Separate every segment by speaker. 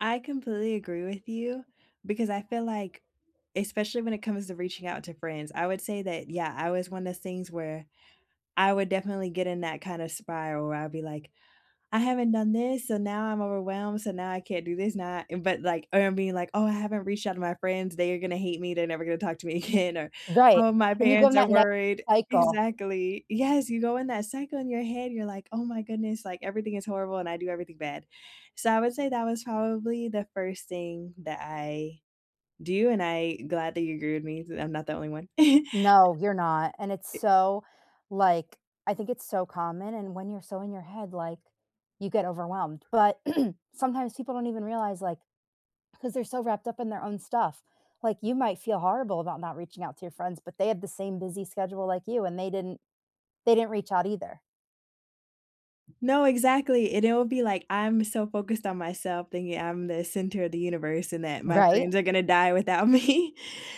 Speaker 1: I completely agree with you because I feel like especially when it comes to reaching out to friends, I would say that, yeah, I was one of things where I would definitely get in that kind of spiral where I'd be, like, "I haven't done this, so, now I'm overwhelmed, so, now I can't do this now" But, like, er, I'm being, like, "Oh I haven't reached out to my friends, they are gonna hate me, they're never gonna talk to me again," or,
Speaker 2: Right,
Speaker 1: "Oh, my
Speaker 2: and you go in
Speaker 1: parents are
Speaker 2: that negative
Speaker 1: worried"
Speaker 2: cycle.
Speaker 1: Exactly, yes, you go in that cycle in your head, you're like, "Oh my goodness, like, everything is horrible, and I do everything bad," so, I would say that was probably the 1st thing that I do, and I glad that you agree with me, so I'm not the only one.
Speaker 2: No, you're not, and it's
Speaker 1: Eh
Speaker 2: so, like I think it's so common, and when you're so in your head, like, you get overwhelmed, but sometimes people don't even realize, like, because they're so wrapped up in their own stuff, like, you might feel horrible about not reaching out to your friends, but they had the same busy schedule like you, and they didn't they didn't reach out either.
Speaker 1: No, exactly, and it will be like, I'm so focused on myself thinking I'm the center of the universe and that my
Speaker 2: Right.
Speaker 1: friends are gonna die without me,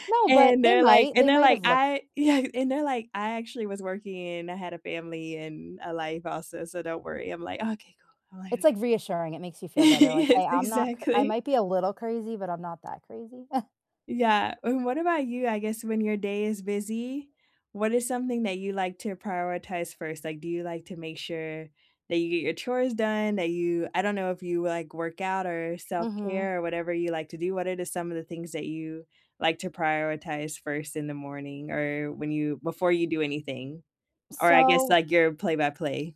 Speaker 2: No,
Speaker 1: and
Speaker 2: but they
Speaker 1: they're like
Speaker 2: might
Speaker 1: and
Speaker 2: they
Speaker 1: they're like,
Speaker 2: might’ve look
Speaker 1: "I" yeah, and they're like, "I actually was working, and I had a family, and a life also, so don't worry." I'm like, "Okay, cool." I'm like,
Speaker 2: It's,
Speaker 1: "Okay."
Speaker 2: like, reassuring, it makes you feel better, like,
Speaker 1: Yes,
Speaker 2: "Hey, I'm not cra I
Speaker 1: exactly.
Speaker 2: might be a little crazy, but I'm not that crazy."
Speaker 1: Yeah, and what about you, I guess when your day is busy, what is something that you like to prioritize 1st? Like, do you like to make sure that you get your chores done? That you I don't know if you, like, work out, or
Speaker 2: Mhm.
Speaker 1: self-care, or whatever you like to do, what are the some of the things that you like to prioritize 1st in the morning, or when you before you do anything? Or I guess
Speaker 2: So
Speaker 1: like your play-by-play.